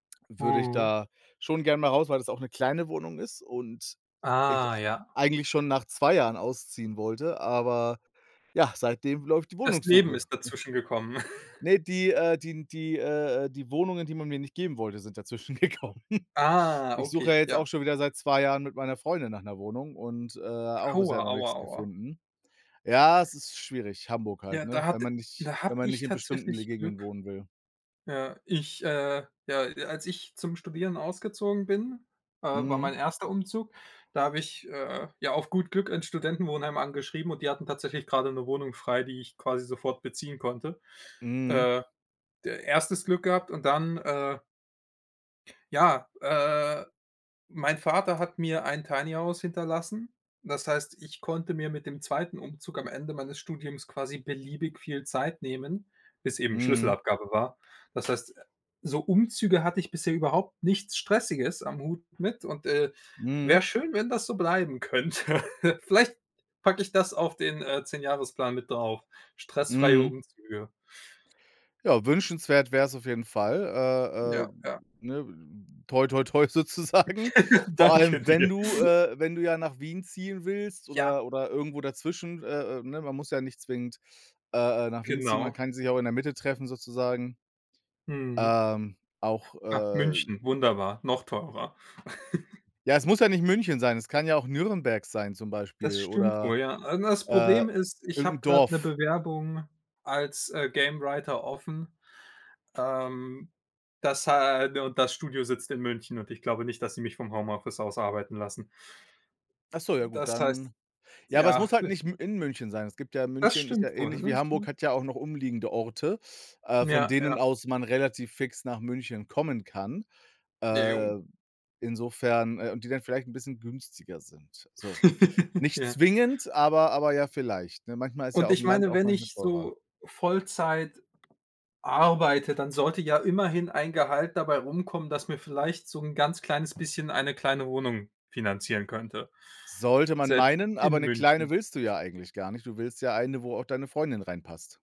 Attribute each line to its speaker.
Speaker 1: Würde ich
Speaker 2: Mhm.
Speaker 1: da schon gern mal raus, weil das auch 'ne kleine Wohnung ist und ich,
Speaker 2: Ah,
Speaker 1: äh,
Speaker 2: ja.
Speaker 1: eigentlich schon nach 2 Jahren ausziehen wollte, aber ja, seitdem läuft die
Speaker 2: Das Leben
Speaker 1: Wohnungssuche.
Speaker 2: ist dazwischen gekommen.
Speaker 1: Ne, die äh, die n die äh, äh, die Wohnungen, die man mir nicht geben wollte, sind dazwischen gekommen.
Speaker 2: Ah,
Speaker 1: Ich suche ja
Speaker 2: okay,
Speaker 1: jetzt
Speaker 2: ja.
Speaker 1: auch schon wieder seit 2 Jahren mit meiner Freundin nach 'ner Wohnung und, äh, auch
Speaker 2: Aua,
Speaker 1: bisher noch
Speaker 2: aua,
Speaker 1: nix
Speaker 2: aua.
Speaker 1: gefunden. Ja, es ist schwierig, Hamburg halt,
Speaker 2: Ja,
Speaker 1: ne,
Speaker 2: da
Speaker 1: wenn
Speaker 2: hat
Speaker 1: man nicht
Speaker 2: da
Speaker 1: wenn
Speaker 2: habe
Speaker 1: man
Speaker 2: ich
Speaker 1: nicht in bestimmten le
Speaker 2: tatsächlich
Speaker 1: Gegenden
Speaker 2: Glück.
Speaker 1: wohnen will.
Speaker 2: Ja, ich äh, ja, als ich zum Studieren ausgezogen bin, äh, war mein
Speaker 1: Mhm.
Speaker 2: 1. Umzug, da habe ich, äh, ja auf gut Glück 'n Studentenwohnheim angeschrieben und die hatten tatsächlich gerade 'ne Wohnung frei, die ich quasi sofort beziehen konnte.
Speaker 1: Mhm.
Speaker 2: Äh, d 1. Glück gehabt und dann äh. Ja, äh, mein Vater hat mir ein Tiny House hinterlassen. Das heißt, ich konnte mir mit dem 2. Umzug am Ende meines Studiums quasi beliebig viel Zeit nehmen, bis eben
Speaker 1: Mhm.
Speaker 2: Schlüsselabgabe war. Das heißt, so Umzüge hatte ich bisher überhaupt nichts Stressiges am Hut mit und, äh, wäre
Speaker 1: Mhm.
Speaker 2: schön, wenn das so bleiben könnte. Vielleicht packe ich das auf den, äh, Zehnjahresplan mit drauf, stressfreie
Speaker 1: Mhm.
Speaker 2: Umzüge.
Speaker 1: Ja, wünschenswert wär's auf jeden Fall, äh, äh,
Speaker 2: Ja, ja.
Speaker 1: ne, toi toi toi sozusagen. Vor
Speaker 2: Danke
Speaker 1: allem, wenn
Speaker 2: dir.
Speaker 1: du, äh, wenn du ja nach Wien ziehen willst
Speaker 2: Ja.
Speaker 1: oder oder irgendwo dazwischen, äh, äh, ne, man muss ja nicht zwingend, äh, äh, nach Wien ziehen, man
Speaker 2: Genau.
Speaker 1: kann sich auch in der Mitte treffen sozusagen.
Speaker 2: Mhm.
Speaker 1: Ähm, auch,
Speaker 2: Ah,
Speaker 1: äh
Speaker 2: München, wunderbar, noch teurer.
Speaker 1: Ja, es muss ja nicht München sein, es kann ja auch Nürnberg sein zum
Speaker 2: Das
Speaker 1: Beispiel
Speaker 2: stimmt
Speaker 1: oder,
Speaker 2: wohl, ja. Also, das
Speaker 1: äh,
Speaker 2: Problem ist, ich habe
Speaker 1: irgendein
Speaker 2: gerade 'ne
Speaker 1: Dorf.
Speaker 2: Bewerbung als, äh, Gamewriter offen. Ähm, das ha und das Studio sitzt in München und ich glaube nicht, dass sie mich vom Homeoffice aus arbeiten lassen.
Speaker 1: Ach so, ja gut,
Speaker 2: Das heißt,
Speaker 1: dann Ja, aber es
Speaker 2: ja.
Speaker 1: muss halt nicht m in München sein. Es gibt ja
Speaker 2: Das
Speaker 1: München ist ja
Speaker 2: stimmt wohl,
Speaker 1: ähnlich wie
Speaker 2: ne,
Speaker 1: Hamburg,
Speaker 2: hm.
Speaker 1: hat ja auch noch umliegende Orte, äh, von
Speaker 2: Ja,
Speaker 1: denen
Speaker 2: ja.
Speaker 1: aus man relativ fix nach München kommen kann.
Speaker 2: Jo.
Speaker 1: Äh, insofern äh, und die dann vielleicht 'n bisschen günstiger sind, so. Nicht
Speaker 2: Ja.
Speaker 1: zwingend, aber aber ja vielleicht, ne? Manchmal ist ja
Speaker 2: Und
Speaker 1: aufm
Speaker 2: ich
Speaker 1: Land
Speaker 2: meine,
Speaker 1: auch
Speaker 2: wenn
Speaker 1: manchmal
Speaker 2: ich
Speaker 1: teurer.
Speaker 2: so Vollzeit arbeite, dann sollte ja immerhin ein Gehalt dabei rumkommen, das mir vielleicht so 'n ganz kleines bisschen eine kleine Wohnung finanzieren könnte,
Speaker 1: Sollte man
Speaker 2: selbst
Speaker 1: meinen, aber
Speaker 2: in
Speaker 1: 'ne
Speaker 2: München.
Speaker 1: kleine willst du ja eigentlich gar nicht. Du willst ja eine, wo auch deine Freundin reinpasst.